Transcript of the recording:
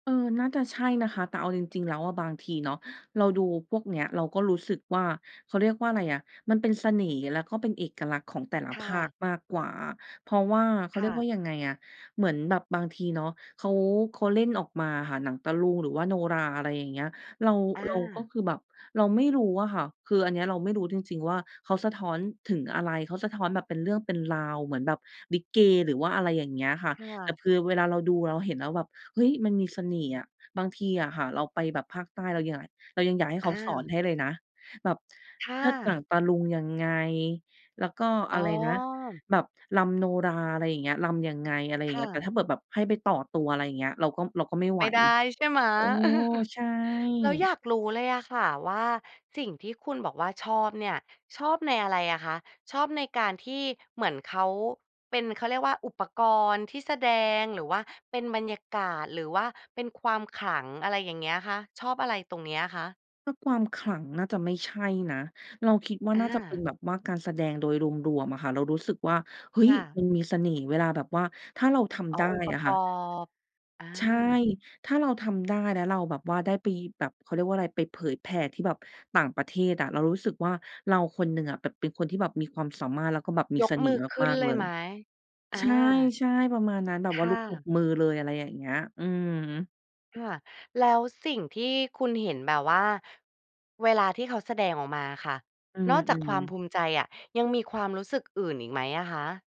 เออ น่าจะใช่นะคะ แต่เอาจริง ๆ แล้วอะบางทีเนาะ เราดูพวกเนี้ย เราก็รู้สึกว่า เขาเรียกว่าอะไรอะ มันเป็นเสน่ห์ แล้วก็เป็นเอกลักษณ์ของแต่ละคภ่าคะ มากกว่าอะ เพราะว่า เขาคเรี่ยกวะ ่ายังไงอะ เหมือนแบบบางทีเนาะ เขา เขาเล่นออกมาอะค่ะ หนังตะลุงหรือว่าโนราห์ อะไรอย่างเงี้ย เรา อเราก็า คือแบบ เราไม่รู้อะค่ะ คืออันเนี้ยเราไม่รู้จริง ๆ ว่าเขาสะท้อนถึงอะไร เขาสะท้อนแบบเป็นเรื่องเป็นราว เหมือนแบบลิเก หรือว่าอะไรอย่างเงี้ยค่ะ ค่แต่ะ คือเวลาเราดูเราเห็นแล้วแบบ เฮ้ย มันมีเสน่ห์อะ บางทีอะค่ะเราไปแบบภาคใต้ เรายัง เรายังอยากให้เอขาสอนา ให้เลยนะ แบบค่เชิดหนังะ ตะลุงยังไง แล้วก็ออ๋ะอ ไรนะ แบบรำโนราห์ อะไรอย่างเงี้ย รำยังไง อะไรอย่คางเง่ี้ย แต่ะ ถ้าเผื่ดแบบให้ไปต่อตัว อะไรอย่างเงี้ย เราก็ เราก็ไม่ไไหมว ่ได้ใช่ไหม? โอ้ ใช่ แล้วอยากรู้เลยอะค่ะ ว่kสิ่งที่คุณบอกว่าชอบเนี่ย ชอบในอะไรอะคะ ชอบในการที่ เหมือนเขาเป็น เขาเรียกว่า อุปกรณ์ที่แสดง หรือว่าเป็นบรรยากาศ หรือว่าเป็นความขลัง อะไรอย่างเงี้ยคะ ชอบอะไรตรงนี้อะtคะ? ถ้าความขลังน่าจะไม่ใช่นะ เราคิดว่าอน่าจะเป็นา แบบว่าการแสดงโดยรวม ๆ อะค่ะ เรารู้สึกว่า เฮ้คย ่มะ ันมีเสน่ห์เวลาแบบว่า ถ้าเราทอ๋ำไอ ด้องค์ปรอะะกค่อะ บ อใช่ า ถ้าเราทำได้ แล้วเราแบบว่าได้ไปแบบ เขาเรียกว่าอะไร ไปเผยแผ่ที่แบบต่างประเทศอะ เรารู้สึกว่า เราคนหนึ่งอะแบบเป็นคนที่แบบมีความสามารถ แล้วก็แบบมียกเสน่มืห์อขึม้นาก เๆ ลเลยไย หม? อา ใช่ ๆ ประมาณนั้น แบบคว่าลุ่กตบะ มือเลย อะไรอย่างเงี้ย อืม ค่ะ แล้วสิ่งที่คุณเห็น แบบว่าเวลาที่เขาแสดงออกมาอะค่ะ อืนอกจากควาอ มภๆ ูมิใจอะ ยังมีความรู้สึกอื่นอีกไหมอะคะ?